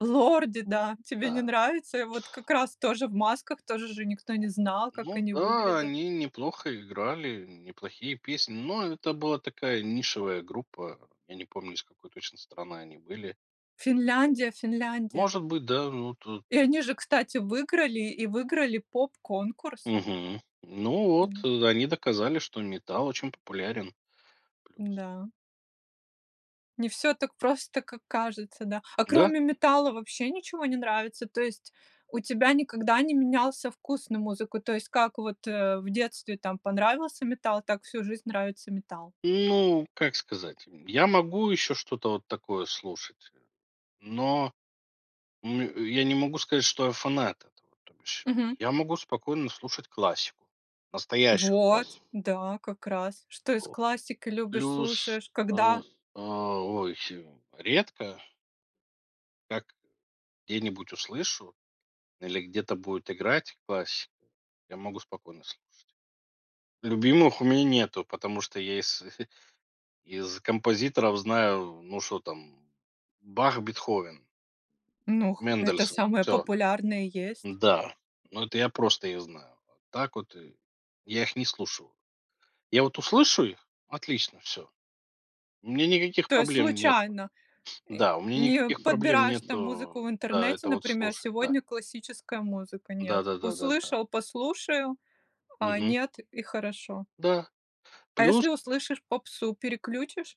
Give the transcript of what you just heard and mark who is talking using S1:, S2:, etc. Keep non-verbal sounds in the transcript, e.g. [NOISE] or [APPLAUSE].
S1: "Лорди", да. Тебе не
S2: Да.
S1: нравится? И вот как раз тоже в масках, тоже же никто не
S2: Ну,
S1: знал, как
S2: ну
S1: они
S2: да,
S1: выглядят.
S2: они неплохо играли неплохие песни, но это была такая нишевая группа, я не помню, из какой точно страны они были.
S1: Финляндия Финляндия.
S2: Может быть, да, ну, то
S1: И они же, кстати, выиграли, и выиграли поп-конкурс.
S2: Мгм, ну вот
S1: Да.
S2: они доказали, что метал очень популярен, плюс.
S1: Да. Не всё так просто, как кажется, да. А
S2: Да.
S1: кроме метала вообще ничего не нравится? То есть у тебя никогда не менялся вкус на музыку? То есть как вот, э, в детстве там понравился метал, так всю жизнь нравится метал.
S2: Ну, как сказать, м, я могу еще что-то вот такое слушать, э, но мю я не могу сказать, что я фанат этого, то бишь
S1: Мгм.
S2: я могу спокойно слушать классику, настоящую
S1: Вот,
S2: классику.
S1: да, как раз. Что из классики любишь,
S2: Плюс,
S1: слушаешь,
S2: э, э,
S1: когда?
S2: ой, э, редко Как, э, где-нибудь услышу или где-то будет играть классика, я могу спокойно слушать. Любимых у меня нету, потому что я из [CHUCKLES] из композиторов знаю, ну, что там: Бах, Бетховен
S1: Ну, х это
S2: мендельсон,
S1: самое
S2: всё.
S1: популярное и есть.
S2: Да, но это я просто их знаю, а так вот и, я их не слушаю, я вот услышу их- отлично, всё. Мне никаких
S1: То есть
S2: проблем нету,
S1: случайно, э,
S2: да, у меня
S1: не
S2: никаких проблем
S1: подбираешь там музыку
S2: нету,
S1: в
S2: да,
S1: интернете,
S2: это вот
S1: например:
S2: слушать, да.
S1: "Сегодня классическая музыка",
S2: Да
S1: нет,
S2: да да да да.
S1: услышал- послушаю, а
S2: Мгм.
S1: нет- и хорошо.
S2: Да.
S1: А
S2: Плюс.
S1: если услышишь попсу, переключишь?